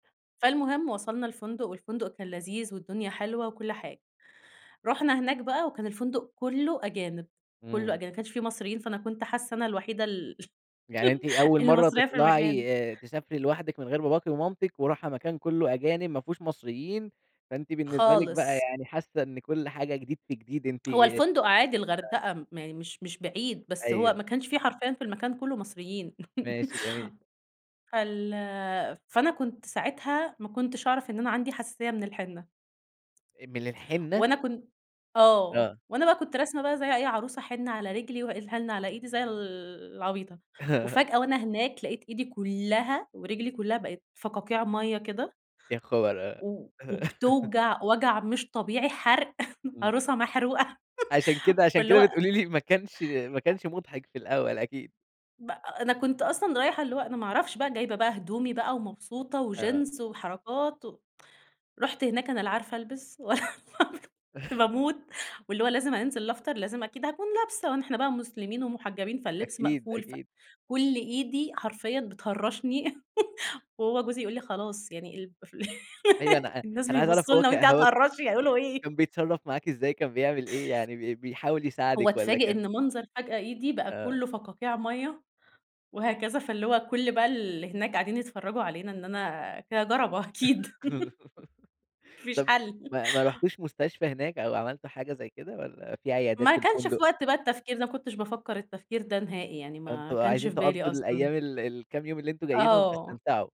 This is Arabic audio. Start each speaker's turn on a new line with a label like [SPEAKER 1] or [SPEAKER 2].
[SPEAKER 1] فالمهم وصَلنا الفندق، والفندق كان لذيذ والدنيا حلوة وكل حاجة، رُحنا هناك بقى وكان الفندق كلّه أجانب، كلّه
[SPEAKER 2] امم.
[SPEAKER 1] أجانب، ما كانش في مصريين، فأنا كنت حاسّة أنا الوحيدة ال
[SPEAKER 2] يعني أنتِ أول
[SPEAKER 1] اللي
[SPEAKER 2] مرَّة
[SPEAKER 1] مصرية في المكان.
[SPEAKER 2] تطلَعي آآ تسافري لوحدِك من غير باباكِ ومامتِك وراحة مكان كلّه أجانب ما فيهوش مصريين، فأنتِ بالنسبة لِك بقى
[SPEAKER 1] خالص.
[SPEAKER 2] يعني حاسّة إن كل حاجة جديد في جديد أنتِ
[SPEAKER 1] هو الفندق عادي،
[SPEAKER 2] [unintelligible]
[SPEAKER 1] الغردقة ما مش مش بعيد، بس هو
[SPEAKER 2] أيوه.
[SPEAKER 1] ما كانش في حرفيًا في المكان كلّه مصريين
[SPEAKER 2] ماشي، جميل.
[SPEAKER 1] فال فأنا كنت ساعتها، ما كنتش أعرَف إن أنا عَندي حساسية من الحِنّة.
[SPEAKER 2] آآ من الحِنّة؟
[SPEAKER 1] وأنا كن آه،
[SPEAKER 2] آه.
[SPEAKER 1] وأنا بقى كنت راسمة بقى زي أي عروسة حِنّة على رِجلي، وال حِنّة على إيدي زي ال العبيطة. وفجأة وأنا هناك لقيت إيدي كلّها ورِجلي كلّها بقِت فقاقيع مَيّة كده
[SPEAKER 2] يا خبر! آه.
[SPEAKER 1] و وبتوجَع وجَع مش طبيعي، حرْق
[SPEAKER 2] إمم.
[SPEAKER 1] عروسة محروقة
[SPEAKER 2] عشان كده، عشان
[SPEAKER 1] فاللي هو
[SPEAKER 2] كده بتقولي لي ما كانش ما
[SPEAKER 1] أ
[SPEAKER 2] كانش مُضحِك في الأول أكيد.
[SPEAKER 1] ب أ أنا كنت أصلًا رايحة، اللي هو أنا ما أعرفش بقى جايبة بقى هدومي بقى ومبسوطة
[SPEAKER 2] آه.
[SPEAKER 1] وجينز وحركات و رُحت هناك، أنا لا عارفة ألبِس [unintelligible] كنت باموت، واللي هو لازم أنزِل أفطر، لازم أكيد هاكون لابسة، وإحنا بقى مسلِمين ومحجّبين، فاللِّبس
[SPEAKER 2] أكيد،
[SPEAKER 1] مقفول ف
[SPEAKER 2] أكيد.
[SPEAKER 1] كلّ إيدي حرفيًا بتهرّشني وهو جوزي يقول لي خلاص، يعني [unintelligible] ال
[SPEAKER 2] أيوه أنا أ
[SPEAKER 1] الناس
[SPEAKER 2] أنا عايز أعرَف
[SPEAKER 1] بيبصّوا
[SPEAKER 2] هو
[SPEAKER 1] لنا
[SPEAKER 2] ك
[SPEAKER 1] وأنتِ قاعدة
[SPEAKER 2] هو
[SPEAKER 1] تهرّشي، هيقولوا
[SPEAKER 2] [unintelligible]
[SPEAKER 1] إيه؟
[SPEAKER 2] كان بيتصرّف معاكِ إزاي، كان بيعمل إيه يعني، بي بيحاول
[SPEAKER 1] هو
[SPEAKER 2] يساعدِك والّا
[SPEAKER 1] اتفاجئ
[SPEAKER 2] كان
[SPEAKER 1] إن منظَر فجأة إيدي بقى
[SPEAKER 2] آه.
[SPEAKER 1] كلّه فقاقيع مَيّة وهكذا، فاللي هو كلّ بقى ال هناك قاعدين يتفرّجوا علينا إن أنا كده جَرَبة أكيد ما فيش
[SPEAKER 2] طَب
[SPEAKER 1] حَل
[SPEAKER 2] ما ما رُحتوش مستشفى هناك أو عملتوا حاجة زي كده والّا في عيادات
[SPEAKER 1] ما
[SPEAKER 2] في
[SPEAKER 1] كانش في
[SPEAKER 2] الفندق؟
[SPEAKER 1] وقت بقى التفكير ده، ما كنتش بافكّر التفكير ده نهائي، يعني ما
[SPEAKER 2] فأنتم
[SPEAKER 1] كانش
[SPEAKER 2] عايزين
[SPEAKER 1] في بالي
[SPEAKER 2] تقضّوا
[SPEAKER 1] أصلًا.
[SPEAKER 2] الأيام، ال الكام يوم اللي أنتم جايينهم
[SPEAKER 1] آه.
[SPEAKER 2] تستمتعوا.